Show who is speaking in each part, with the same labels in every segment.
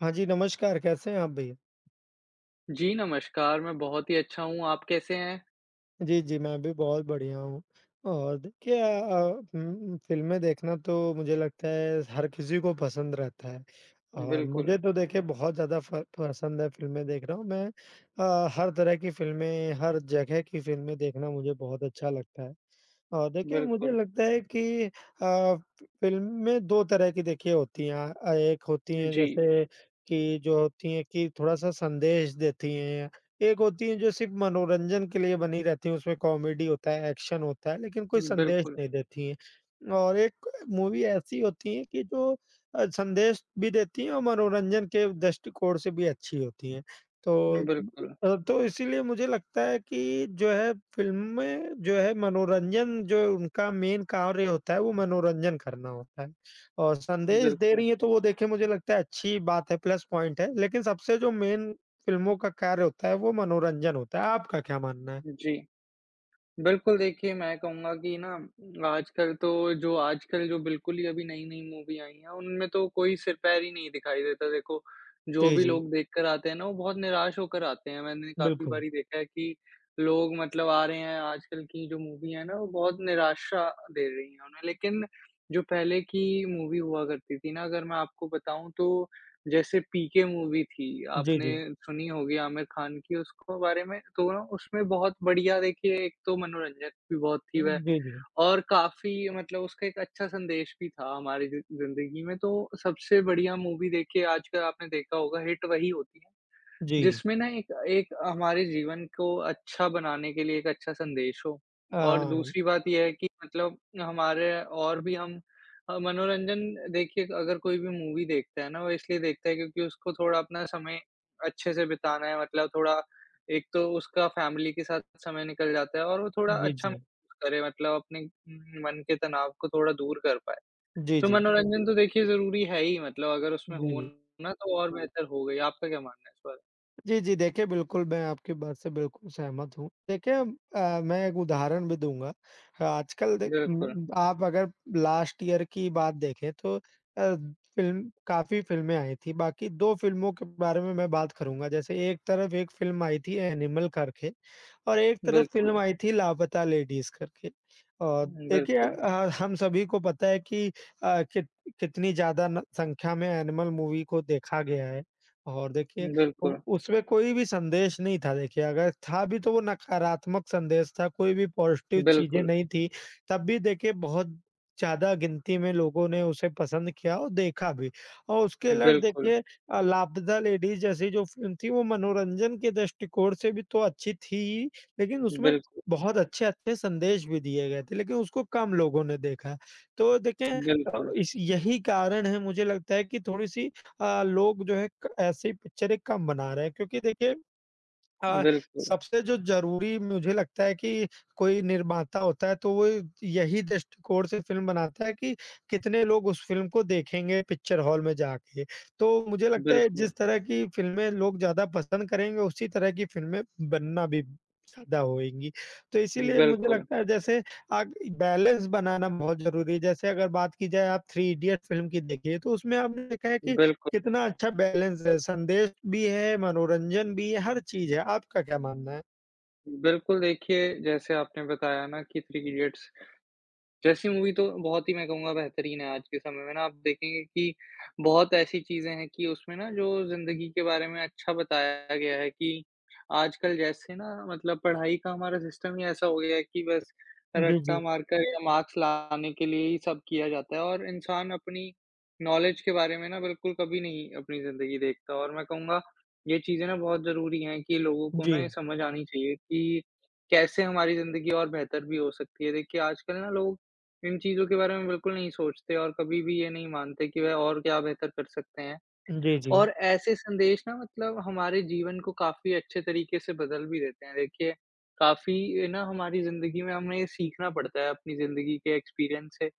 Speaker 1: हाँ जी, नमस्कार कैसे हैं आप भी?
Speaker 2: जी, नमस्कार, मैं बहुत ही अच्छा हूँ आप कैसे हैं?
Speaker 1: जी, जी। मैं भी बहुत बढ़िया हूँ और क्या अ उम, फ़िल्में देखना तो मुझे लगता है हर किसी को पसंद रहता है। और
Speaker 2: बिल्कुल।
Speaker 1: मुझे तो देखिए बहुत ज़्यादा फ़ पसंद है फ़िल्में देखना मैं अ, हर तरह की फ़िल्में, हर जगह की फ़िल्में देखना मुझे बहुत अच्छा लगता है। और देखिए मुझे
Speaker 2: बिल्कुल।
Speaker 1: लगता है कि अ, फ़िल्में 2 तरह की देखिए होती हैं अ, एक होती हैं
Speaker 2: उजी।
Speaker 1: जैसे कि जो होती हैं कि थोड़ा-सा संदेश देती हैं। एक होती हैं जो सिर्फ़ मनोरंजन के लिए बनी रहती हैं उसमें कॉमेडी होता है, एक्शन होता है लेकिन कोई संदेश
Speaker 2: बिल्कुल।
Speaker 1: नहीं देती हैं। और एक मूवी ऐसी होती है कि जो अ, संदेश भी देती हैं और मनोरंजन के दृष्टिकोण से भी अच्छी होती हैं, तो
Speaker 2: बिल्कुल।
Speaker 1: अ, तो इसीलिए मुझे लगता है कि जो है फ़िल्में जो है मनोरंजन जो उनका मेन कार्य होता है वो मनोरंजन करना होता है और संदेश दे
Speaker 2: बिल्कुल।
Speaker 1: रही हैं तो वो देखिए मुझे लगता है अच्छी ही बात है प्लस पॉइंट है, लेकिन सबसे जो मेन फ़िल्मों का कार्य होता है वो मनोरंजन होता है। आपका क्या मानना है?
Speaker 2: जी। बिल्कुल देखिए मैं कहूँगा कि ना आजकल तो जो आजकल जो बिल्कुल ही अभी नई-नई मूवी आई हैं, उनमें तो कोई सिर-पैर ही नहीं दिखाई देता देखो जो
Speaker 1: जी,
Speaker 2: भी
Speaker 1: जी।
Speaker 2: लोग देखकर आते हैं ना वो बहुत निराश होकर आते हैं। मैंने काफ़ी
Speaker 1: बिल्कुल।
Speaker 2: बारी देखा है कि लोग मतलब आ रहे हैं आजकल की जो मूवी हैं ना वो बहुत निराशा दे रही है उन्हें, लेकिन जो पहले की मूवी हुआ करती थीं ना अगर मैं आपको बताऊँ तो जैसे पीके मूवी थी,
Speaker 1: जी,
Speaker 2: आपने
Speaker 1: जी।
Speaker 2: सुनी होगी आमिर खान की उसको बारे में तो ना उसमें बहुत बढ़िया देखिए एक तो मनोरंजक भी बहुत थी वह
Speaker 1: जी, जी।
Speaker 2: और काफ़ी मतलब उसका एक अच्छा संदेश भी था हमारी जी ज़िंदगी में तो सबसे बढ़िया मूवी देखिए आजकल आपने देखा होगा हिट वही होती है,
Speaker 1: जी।
Speaker 2: जिसमें ना एक एक हमारे जीवन को अच्छा बनाने के लिए एक अच्छा संदेश हो। और
Speaker 1: हाँ।
Speaker 2: दूसरी बात ये है कि मतलब हमारे और भी हम अ, मनोरंजन देखिए अगर कोई भी मूवी देखता है ना वो इसलिए देखता है क्योंकि उसको थोड़ा अपना समय अच्छे से बिताना है, मतलब थोड़ा एक तो उसका फ़ैमिली के साथ समय निकल जाता है और वो थोड़ा
Speaker 1: जी,
Speaker 2: अच्छा म
Speaker 1: जी।
Speaker 2: करे मतलब अपने मन के तनाव को थोड़ा दूर कर पाए।
Speaker 1: जी,
Speaker 2: तो
Speaker 1: जी।
Speaker 2: मनोरंजन तो देखिए ज़रूरी है ही मतलब अगर उसमें
Speaker 1: जी,
Speaker 2: हो
Speaker 1: जी।
Speaker 2: ना तो और बेहतर होगा ही। आपका क्या मानना है इस बारे
Speaker 1: जी, जी, देखिए, बिल्कुल मैं आपकी बात से बिल्कुल सहमत हूँ। देखिए अ, मैं एक उदाहरण भी दूँगा अ, आजकल देख
Speaker 2: बिल्कुल।
Speaker 1: आप अगर लास्ट ईयर की बात देखें तो अ, फ़िल्म काफ़ी फ़िल्में आई थी बाकी 2 फ़िल्मों के बारे में मैं बात करूँगा, जैसे एक तरफ़ एक फ़िल्म आई थी एनिमल करके और एक तरफ़ फ़िल्म
Speaker 2: बिल्कुल।
Speaker 1: आई थी लापता लेडीज़ करके। अ,
Speaker 2: हुँ,
Speaker 1: देखिए
Speaker 2: बिल्कुल।
Speaker 1: अ, हम सभी को पता है कि अ, कित कितनी ज़्यादा न संख्या में एनिमल मूवी को देखा गया है। और देखिए उ
Speaker 2: बिल्कुल।
Speaker 1: उसमें कोई भी संदेश नहीं था देखिए अगर था भी तो वो नकारात्मक संदेश था, कोई भी पॉज़िटिव चीज़ें
Speaker 2: बिल्कुल।
Speaker 1: नहीं थी, तब भी देखिए बहुत ज़्यादा गिनती में लोगों ने उसे पसंद किया और देखा भी। और उसके उलट
Speaker 2: बिल्कुल।
Speaker 1: देखिए अ, लापता लेडीज़ जैसी जो फ़िल्म थी, वो मनोरंजन के दृष्टिकोण से भी तो अच्छी थी ही, लेकिन उसमें
Speaker 2: बिल्क
Speaker 1: बहुत अच्छे-अच्छे संदेश भी दिए गए थे, लेकिन उसको कम लोगों ने देखा। तो देखें अ,
Speaker 2: बिल्कुल।
Speaker 1: इस यही कारण है मुझे लगता है कि थोड़ी-सी अ, लोग जो हैं क ऐसे ही पिक्चरें कम बना रहे हैं क्योंकि देखिए अ,
Speaker 2: बिल्कुल।
Speaker 1: सबसे जो ज़रूरी मुझे लगता है कि कोई निर्माता होता है तो वो यही दृष्टिकोण से फ़िल्म बनाता है कि कितने लोग उस फ़िल्म को देखेंगे पिक्चर हॉल में जाके। तो मुझे लगता है
Speaker 2: बिल्कुल।
Speaker 1: जिस तरह की फ़िल्में लोग ज़्यादा पसंद करेंगे उसी तरह की फ़िल्में बनना भी ज़्यादा होएँगी। तो इसीलिए मुझे
Speaker 2: बिल्कुल।
Speaker 1: लगता है जैसे आग बैलेंस बनाना बहुत ज़रूरी है, जैसे अगर बात की जाए आप 3 इडियट्स फ़िल्म की देखिए तो उसमें आपने देखा है कि
Speaker 2: बिल्कुल।
Speaker 1: कितना अच्छा बैलेंस है, संदेश भी है मनोरंजन भी है हर चीज़ है। आपका क्या मानना है?
Speaker 2: बिल्कुल देखिए, जैसे आपने बताया ना कि 3 इडियट्स जैसी मूवी तो बहुत ही मैं कहूँगा बेहतरीन है आज के समय में ना आप देखेंगे कि बहुत ऐसी चीज़ें हैं कि उसमें ना जो ज़िंदगी के बारे में अच्छा बताया गया है कि आजकल जैसे ना मतलब पढ़ाई का हमारा सिस्टम ही ऐसा हो गया है कि बस
Speaker 1: जी,
Speaker 2: रट्टा
Speaker 1: जी।
Speaker 2: मारकर या मार्क्स लाने के लिए ही सब किया जाता है और इंसान अपनी नॉलेज के बारे में ना बिल्कुल कभी नहीं अपनी ज़िंदगी देखता और मैं कहूँगा ये चीज़ें ना बहुत ज़रूरी हैं, कि लोगों को ना ये
Speaker 1: जी।
Speaker 2: समझ आनी चाहिए कि कैसे हमारी ज़िंदगी और बेहतर भी हो सकती है देखिए आजकल ना लोग इन चीज़ों के बारे में बिल्कुल नहीं सोचते और कभी भी ये नहीं मानते कि वह और क्या बेहतर कर सकते हैं।
Speaker 1: उजी, जी।
Speaker 2: और ऐसे संदेश ना मतलब हमारे जीवन को काफ़ी अच्छे तरीके से बदल भी देते हैं देखिए, काफ़ी ए, ना हमारी ज़िंदगी में हमें ये सीखना पड़ता है अपनी ज़िंदगी के एक्सपीरियंस से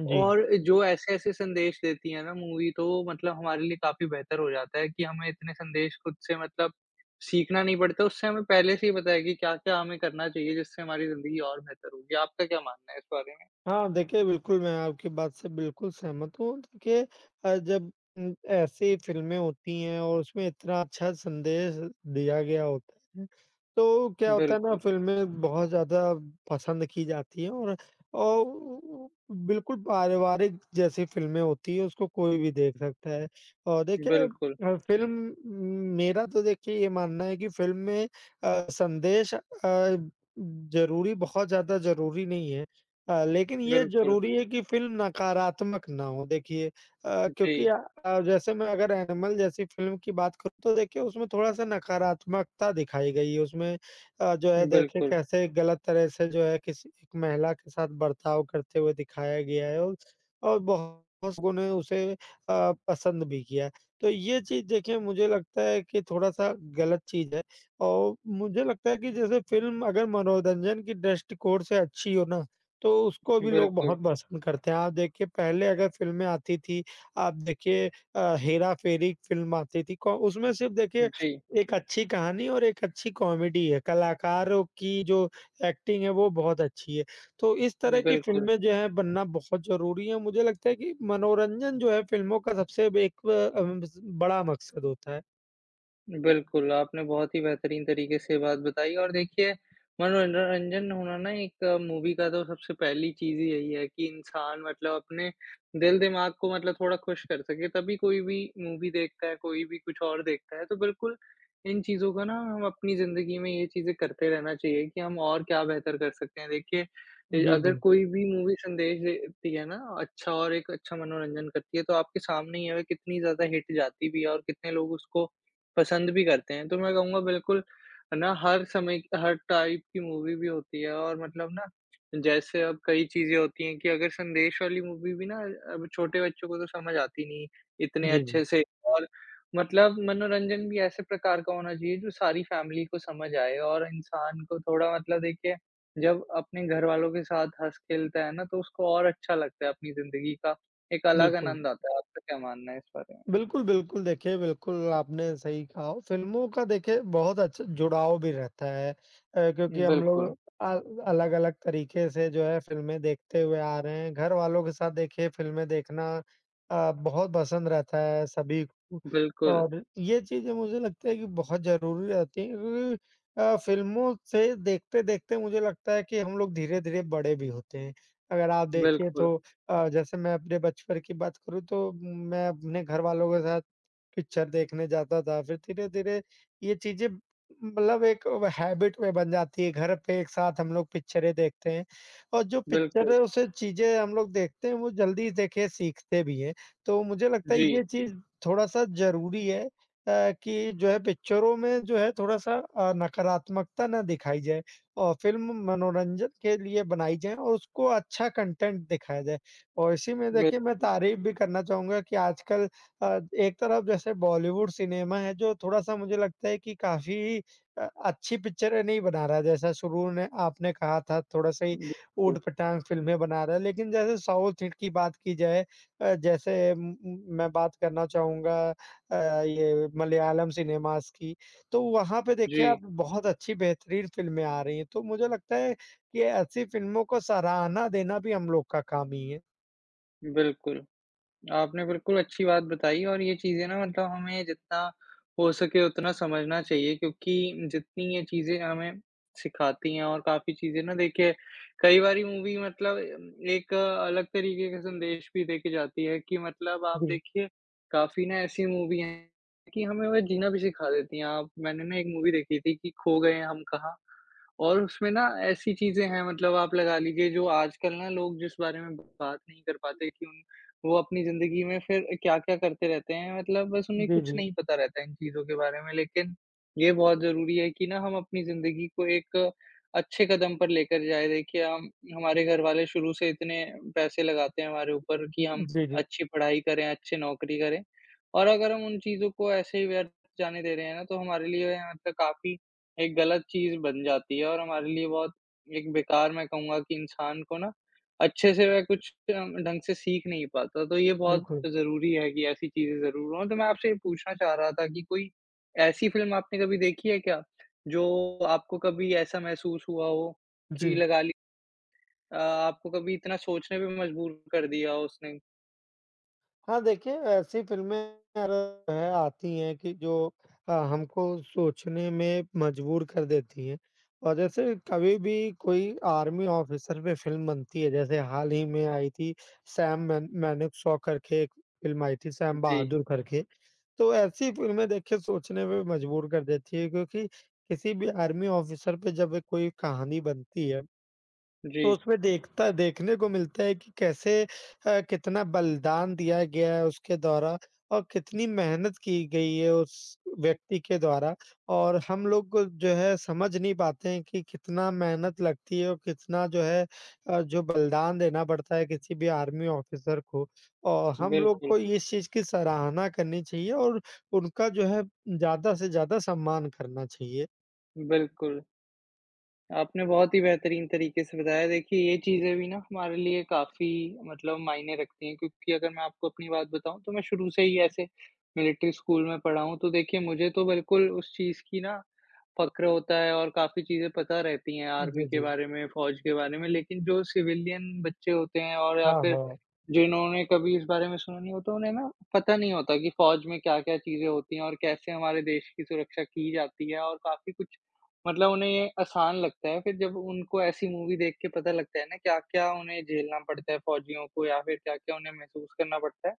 Speaker 1: जी।
Speaker 2: और जो ऐसे-ऐसे संदेश देती है ना मूवी तो मतलब हमारे लिए काफ़ी बेहतर हो जाता है कि हमें इतने संदेश खुद से मतलब सीखना नहीं पड़ता उससे हमें पहले से ही पता है कि क्या-क्या हमें करना चाहिए जिससे हमारी ज़िंदगी और बेहतर होगी। आपका क्या मानना है इस बारे में?
Speaker 1: हाँ, देखिए बिल्कुल मैं आपकी बात से बिल्कुल सहमत हूँ के अ, जब उ ऐसी फ़िल्में होती हैं और उसमें इतना अच्छा संदेश दिया गया होता तो क्या होता है ना
Speaker 2: बिल्कुल।
Speaker 1: फ़िल्में बहुत ज़्यादा पसंद की जाती हैं और, और उ उ बिल्कुल पारिवारिक जैसी फ़िल्में होती हैं उसको कोई भी देख सकता है और देखिए
Speaker 2: बिल्कुल।
Speaker 1: अ, फ़िल्म मेरा तो देखिए ये मानना है कि फ़िल्म में अ, संदेश अ, ज़रूरी बहुत ज़्यादा ज़रूरी नहीं है अ, लेकिन ये
Speaker 2: बिल्कुल।
Speaker 1: ज़रूरी है कि फ़िल्म नकारात्मक ना हो देखिए अ, क्योंकि
Speaker 2: जी।
Speaker 1: अ, जैसे मैं अगर एनिमल जैसी फ़िल्म की बात करूँ तो देखिए उसमें थोड़ा-सा नकारात्मकता दिखाई गई है उसमें अ, जो है देखिए
Speaker 2: बिल्कुल।
Speaker 1: कैसे गलत तरह से जो है किसी एक महिला के साथ बर्ताव करते हुए दिखाया गया है और और बहुत लोगों ने उसे अ, पसंद भी किया है। तो ये चीज़ देखिए मुझे लगता है कि थोड़ा-सा गलत चीज़ है और मुझे लगता है कि जैसे फ़िल्म अगर मनोरंजन की दृष्टिकोण से अच्छी हो ना, तो उसको भी लोग
Speaker 2: बिल्कुल।
Speaker 1: बहुत पसंद करते हैं, आप देखिए पहले अगर फ़िल्में आती थी आप देखिए अ, हेरा-फेरी एक फ़िल्म आती थी कौ उसमें सिर्फ़ देखिए
Speaker 2: जी।
Speaker 1: एक अच्छी कहानी और एक अच्छी कॉमेडी है, कलाकारों की जो एक्टिंग है वो बहुत अच्छी है। तो इस तरह की
Speaker 2: बिल्कुल।
Speaker 1: फ़िल्में जो है बनना बहुत ज़रूरी है और मुझे लगता है कि मनोरंजन जो है फ़िल्मों का सबसे बे एक ब उम, बड़ा मक़सद होता है।
Speaker 2: बिल्कुल आपने बहुत ही बेहतरीन तरीके से बात बताई और देखिए, मनोरंजन होना ना एक मूवी का तो सबसे पहली चीज़ ही यही है कि इंसान मतलब अपने दिल-दिमाग को मतलब थोड़ा खुश कर सके तभी कोई भी मूवी देखता है, कोई भी कुछ और देखता है तो बिल्कुल, इन चीज़ों को ना हम अपनी ज़िंदगी में ये चीज़ें करते रहना चाहिए कि हम और क्या बेहतर कर सकते हैं देखिए अ,
Speaker 1: जी,
Speaker 2: अगर
Speaker 1: जी।
Speaker 2: कोई भी मूवी संदेश देती है ना अच्छा और एक अच्छा मनोरंजन करती है तो आपके सामने ये है कितनी ज़्यादा हिट जाती भी है और कितने लोग उसको पसंद भी करते हैं तो मैं कहूँगा बिल्कुल, है ना? हर समय की हर टाइप की मूवी भी होती है और मतलब ना जैसे अब कई चीज़ें होती हैं कि अगर संदेश वाली मूवी भी ना अब छोटे बच्चों को तो समझ आती नहीं इतने अच्छे
Speaker 1: जी।
Speaker 2: से और मतलब मनोरंजन भी ऐसे प्रकार का होना चाहिए जो सारी फैमिली को समझ आए और इंसान को थोड़ा मतलब देखिए, जब अपने घरवालों के साथ हँस-खेलता है ना तो उसको और अच्छा लगता है अपनी ज़िंदगी का एक अलग
Speaker 1: बिल्कुल।
Speaker 2: आनंद आता है, आपका क्या मानना है इस बारे में?
Speaker 1: बिल्कुल, बिल्कुल। देखिए, बिल्कुल आपने सही कहा, फ़िल्मों का देखिए बहुत अच्छा जुड़ाव भी रहता है अ, क्योंकि हम लोग
Speaker 2: बिल्कुल।
Speaker 1: अल अलग-अलग तरीके से जो है फ़िल्में देखते हुए आ रहे हैं, घरवालों के साथ देखिए फ़िल्में देखना अ, बहुत पसंद रहता है सभी को।
Speaker 2: बिल्कुल।
Speaker 1: और ये चीज़ें मुझे लगता है कि बहुत ज़रूरी रहती हैं अ, फ़िल्मों से देखते-देखते मुझे लगता है कि हम लोग धीरे-धीरे बड़े भी होते हैं, अगर आप देखिए
Speaker 2: बिल्कुल।
Speaker 1: तो अ, जैसे मैं अपने बचपन की बात करूँ तो मैं अपने घरवालों के साथ पिक्चर देखने जाता था फिर धीरे-धीरे ये चीज़ें मतलब एक व हैबिट में बन जाती है घर पे एक साथ हम लोग पिक्चरें देखते हैं और जो
Speaker 2: बिल्कुल।
Speaker 1: पिक्चर है उसे चीज़ें हम लोग देखते हैं वो जल्दी देखे सीखते भी हैं। तो मुझे लगता है
Speaker 2: जी।
Speaker 1: ये चीज़ थोड़ा-सा ज़रूरी है अ, कि जो है पिक्चरों में जो है थोड़ा-सा अ, नकारात्मकता ना दिखाई जाए अ, फ़िल्म मनोरंजन के लिए बनाई जाए और उसको अच्छा कंटेन्ट दिखाया जाए। और इसी में देखिए मैं
Speaker 2: बिल्कु
Speaker 1: तारीफ़ भी करना चाहूँगा कि आजकल अ, एक तरफ जैसे बॉलीवुड सिनेमा है जो थोड़ा-सा मुझे लगता है कि काफ़ी अ, अच्छी पिक्चरें नहीं बना रहा है जैसा शुरू ने आपने कहा था थोड़ा-सा ही
Speaker 2: [unintelligible]
Speaker 1: ऊँटपटाँग फ़िल्में बना रहा है लेकिन जैसे साउथ हिट की बात की जाए अ, जैसे उम, म मैं बात करना चाहूँगा अ, ये मलयालम सिनेमाज़ की, तो वहाँ पे देखिए
Speaker 2: जी।
Speaker 1: आप बहुत अच्छी बेहतरीन फ़िल्में आ रही हैं तो मुझे लगता है कि ऐसी फ़िल्मों को सराहना देना भी हम लोग का काम ही है।
Speaker 2: बिल्कुल। आपने बिल्कुल अच्छी बात बताईं और ये चीज़ें ना मतलब हमें जितना हो सके उतना समझना चाहिए क्योंकि जितनी ये चीज़ें हमें सिखाती हैं और काफ़ी चीज़ें ना देखिए, कई बारी मूवी मतलब एक अलग तरीके के संदेश भी देके जाती है कि, मतलब आप
Speaker 1: जी।
Speaker 2: देखिए, काफ़ी ना ऐसी मूवी हैं कि, हमें वह जीना भी सिखा देती हैं आप मैंने ना एक मूवी देखी थी कि खो गए हैं हम कहाँ। और उसमें ना ऐसी चीज़ें हैं मतलब आप लगा लीजिए जो आजकल ना लोग जिस बारे में बात नहीं कर पाते किन उन वो अपनी ज़िंदगी में फिर क्या-क्या करते रहते हैं मतलब बस उन्हें
Speaker 1: जी,
Speaker 2: कुछ
Speaker 1: जी।
Speaker 2: नहीं पता रहता है इन चीज़ों के बारे में लेकिन, ये बहुत ज़रूरी है कि ना हम अपनी ज़िंदगी को एक अच्छे कदम पर लेकर जाएँ देखिए हम हमारे घर वाले शुरू से इतने पैसे लगाते हैं हमारे ऊपर कि हम
Speaker 1: जी, जी।
Speaker 2: अच्छी पढ़ाई करें, अच्छी नौकरी करें। और अगर हम उन चीज़ों को ऐसे ही व्यर्थ जाने दे रहे हैं ना तो हमारे लिए यहाँ त काफ़ी एक गलत चीज़ बन जाती है और हमारे लिए बहुत एक बेकार मैं कहूँगा कि इंसान को ना, अच्छे-से वह कुछ अ, ढंग से सीख नहीं पाता, तो ये बहुत
Speaker 1: बिल्कुल।
Speaker 2: ज़रूरी है कि ऐसी चीज़ें ज़रूर हों। तो मैं आपसे ये पूछना चाह रहा था कि कोई ऐसी फ़िल्म आपने कभी देखी है क्या, जो आपको कभी ऐसा महसूस हुआ हो, की
Speaker 1: जी।
Speaker 2: लगा ली अ, आपको कभी इतना सोचने पे मजबूर कर दिया उसने?
Speaker 1: हाँ, देखिए ऐसी फ़िल्में [unintelligible] आती हैं कि जो अ, हमको सोचने में मजबूर कर देती हैं और जैसे कभी भी कोई आर्मी ऑफिसर पे फ़िल्म बनती है जैसे हाल ही में आई थी सैम मन मानेकशॉ करके एक फ़िल्म आई थी सैम
Speaker 2: जी।
Speaker 1: बहादूर करके। तो ऐसी फ़िल्में देखिए सोचने पे मजबूर कर देती हैं क्योंकि किसी भी आर्मी ऑफिसर पे जब कोई कहानी बनती है तो
Speaker 2: जी।
Speaker 1: उसमें देखता देखने को मिलता है कि कैसे अ, कितना बलिदान दिया गया है उसके द्वारा और कितनी मेहनत की गई है उस व्यक्ति के द्वारा और हम लोग जो है समझ नहीं पाते हैं कि कितना मेहनत लगती है और कितना जो है अ, जो बलिदान देना पड़ता है किसी भी आर्मी ऑफिसर को। औ हम लोग
Speaker 2: बिल्कुल।
Speaker 1: को इस चीज़ की सराहना करनी चाहिए और उनका जो है, ज़्यादा से ज़्यादा सम्मान करना चाहिए।
Speaker 2: बिल्कुल। आपने बहुत ही बेहतरीन तरीके से बताया। देखिए ये चीज़ें भी ना हमारे लिए काफ़ी मतलब मायने रखती हैं, क्योंकि अगर मैं आपको अपनी बात बताऊँ तो मैं शुरू से ही ऐसे मिलिट्री स्कूल में पढ़ा हूँ, तो देखिए मुझे तो बिल्कुल उस चीज़ की ना फ़क्र होता है और काफ़ी चीज़ें पता रहती हैं आर्मी
Speaker 1: जी,
Speaker 2: के
Speaker 1: जी।
Speaker 2: बारे में, फ़ौज के बारे में। लेकिन जो सिविलियन बच्चे होते हैं और या
Speaker 1: हाँ,
Speaker 2: फिर
Speaker 1: हाँ।
Speaker 2: जिन्होंने कभी इस बारे में सुना नहीं होता उन्हें ना पता नहीं होता कि फ़ौज में क्या-क्या चीज़ें होती हैं और कैसे हमारे देश की सुरक्षा की जाती है। और काफ़ी कुछ मतलब उन्हें ये आसान लगता है फिर जब उनको ऐसी मूवी देख के पता लगता है ना क्या-क्या उन्हें झेलना पड़ता है फ़ौजियों को या फिर क्या-क्या उन्हें महसूस करना पड़ता है,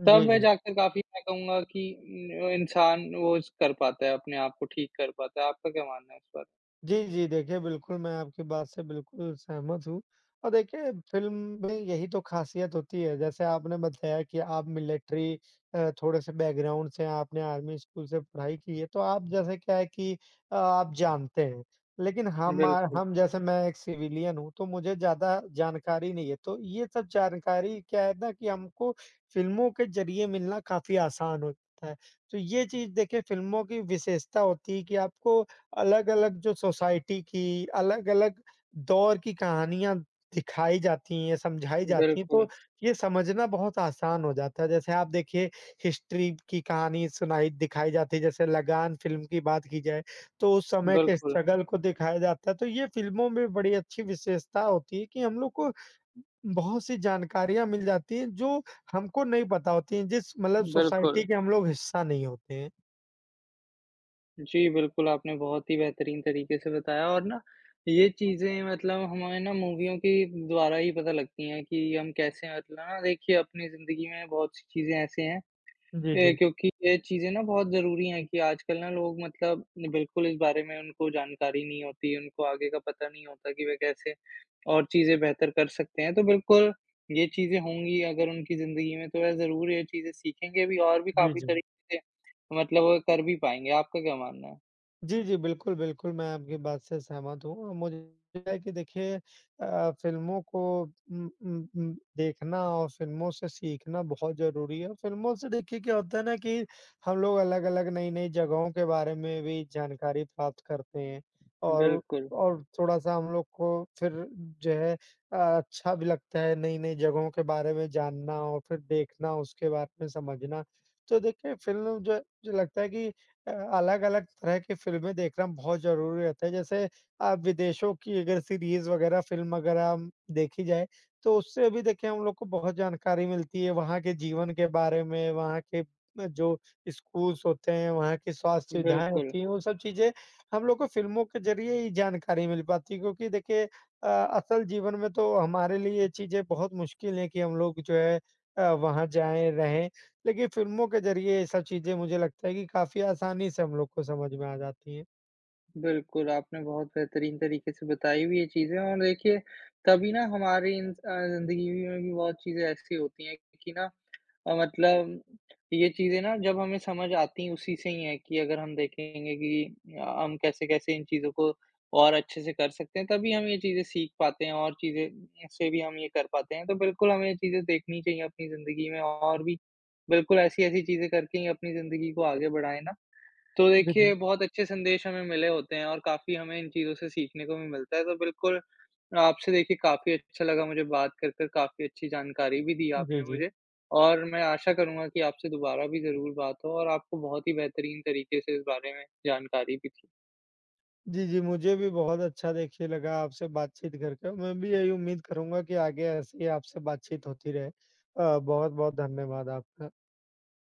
Speaker 1: जी,
Speaker 2: तब वे
Speaker 1: जी।
Speaker 2: जा के काफ़ी मैं कहूँगा कि इन इंसान वो इस कर पाता है अपने आप को ठीक कर पाता है। आपका क्या मानना है इस बात
Speaker 1: जी, जी। देखिए, बिल्कुल, मैं आपकी बात से बिल्कुल सहमत हूँ और देखिए फ़िल्म में यही तो ख़ासियत होती है, जैसे आपने बताया कि आप मिलिट्री अ, थोड़े-से बैकग्राउंड से हैं। आपने आर्मी स्कूल से पढ़ाई की है, तो आप जैसे क्या है कि अ, आप जानते हैं, लेकिन हमार
Speaker 2: बिल्कुल।
Speaker 1: हम जैसे मैं एक सिविलियन हूँ, तो मुझे ज़्यादा जानकारी नहीं है। तो ये सब जानकारी क्या है ना कि हमको फ़िल्मों के ज़रिए मिलना काफ़ी आसान होता है, तो ये चीज़ देखिए फ़िल्मों की विशेषता होती है कि आपको अलग-अलग जो सोसाइटी की अलग-अलग दौर की कहानियाँ दिखाई जाती हैं, समझाई जाती हैं,
Speaker 2: बिल्कुल।
Speaker 1: तो ये समझना बहुत आसान हो जाता है। जैसे आप देखिए हिस्ट्री की कहानी सुनाई दिखाई जाती है। जैसे लगान फ़िल्म की बात की जाए, तो उस समय के
Speaker 2: बिल्कुल।
Speaker 1: स्ट्रगल को दिखाया जाता है, तो ये फ़िल्मों में बड़ी अच्छी विशेषता होती है कि हम लोग को बहुत-सी जानकारियाँ मिल जाती हैं, जो हमको नहीं पता होती हैं, जिस मतलब सोसाइटी
Speaker 2: बिल्कुल।
Speaker 1: के हम लोग हिस्सा नहीं होते हैं।
Speaker 2: जी, बिल्कुल, आपने बहुत ही बेहतरीन तरीके से बताया और ना, ये चीज़ें मतलब हमारे ना मूवियों के द्वारा ही पता लगती हैं कि हम कैसे हैं और ना देखिए अपनी ज़िंदगी में बहुत चीज़ें ऐसे हैं
Speaker 1: जी,
Speaker 2: ए,
Speaker 1: जी।
Speaker 2: क्योंकि ये चीज़ें ना बहुत ज़रूरी हैं कि आजकल ना लोग मतलब बिल्कुल इस बारे में उनको जानकारी नहीं होती, उनको आगे का पता नहीं होता कि वह कैसे और चीज़ें बेहतर कर सकते हैं, तो बिल्कुल ये चीज़ें होंगी अगर उनकी ज़िंदगी में, तो वह ज़रूर ये चीज़ें सीखेंगे अभी और भी
Speaker 1: जी,
Speaker 2: काफ़ी
Speaker 1: जी।
Speaker 2: तरीके से तो मतलब वो कर भी पाएँगे। आपका क्या मानना है?
Speaker 1: जी, जी, बिल्कुल, बिल्कुल, मैं आपकी बात से सहमत हूँ और मुझे [unintelligible] है कि देखिए अ, फ़िल्मों को उम उम उम, देखना और फ़िल्मों से सीखना बहुत ज़रूरी है। फ़िल्मों से, देखिए, क्या होता है ना कि हम लोग अलग-अलग, नई-नई जगहों के बारे में भी जानकारी प्राप्त करते हैं और
Speaker 2: बिल्कुल।
Speaker 1: और थोड़ा-सा हम लोग को फिर जो है अ, अच्छा भी लगता है, नई-नई जगहों के बारे में जानना और फिर देखना, उसके बात में समझना। तो देखिए, फ़िल्म जो जो लगता है कि अ, अलग-अलग तरह की फ़िल्में देखना बहुत ज़रूरी रहता है। जैसे अ, विदेशों की अगर सीरीज़ वगैरह, फ़िल्म वगैरह अम, देखी जाए, तो उससे भी देखिए हम लोग को बहुत जानकारी मिलती है, वहाँ के जीवन के बारे में, वहाँ के जो स्कूल्स होते हैं, वहाँ की स्वास्थ्य सुविधाएँ
Speaker 2: बिल्कुल।
Speaker 1: होती हैं, वो सब चीज़ें हम लोग को फ़िल्मों के ज़रिए ही जानकारी मिल पाती है। क्योंकि देखिए अ, असल जीवन में तो हमारे लिए ये चीज़ें बहुत मुश्किल है कि हम लोग जो है अ, वहाँ जाएँ, रहें। लेकिन फ़िल्मों के ज़रिए ये सब चीज़ें मुझे लगता है कि काफ़ी आसानी से हम लोग को समझ में आ जाती हैं।
Speaker 2: बिल्कुल, आपने बहुत बेहतरीन तरीके से बताई भी ये चीज़ें और देखिए, कभी ना हमारी इन स अ, ज़िंदगी भी में भी बहुत चीज़ें ऐसी होती हैं कि ना अ, मतलब ये चीज़ें ना, जब हमें समझ आती हैं उसी से ही हैं कि अगर हम देखेंगे कि अ, हम कैसे-कैसे इन चीज़ों को और अच्छे-से कर सकते हैं। तभी हम ये चीज़ें सीख पाते हैं और चीज़ें उनसे भी हम ये कर पाते हैं। तो बिल्कुल, हमें ये चीज़ें देखनी चाहिए अपनी ज़िंदगी में और भी बिल्कुल ऐसी-ऐसी चीज़ें करके ही अपनी ज़िंदगी को आगे बढ़ाएँ ना, तो
Speaker 1: जी, जी।
Speaker 2: देखिए बहुत अच्छे संदेश हमें मिले होते हैं और काफ़ी हमें इन चीज़ों से सीखने को भी मिलता है। तो बिल्कुल, आपसे देखिए काफ़ी अच्छा लगा मुझे बात कर कर, काफ़ी अच्छी जानकारी भी दी
Speaker 1: जी,
Speaker 2: आपने
Speaker 1: जी।
Speaker 2: मुझे। और मैं आशा करूँगा कि आपसे दोबारा भी ज़रूर बात हो और आपको बहुत ही बेहतरीन तरीके से इस बारे में जानकारी भी दी।
Speaker 1: जी, जी, मुझे भी बहुत अच्छा देखिए लगा आपसे बातचीत करके। मैं भी यही उम्मीद करूँगा कि आगे ऐसे ही आपसे बातचीत होती रहे। अ, बहुत-बहुत धन्यवाद आपका।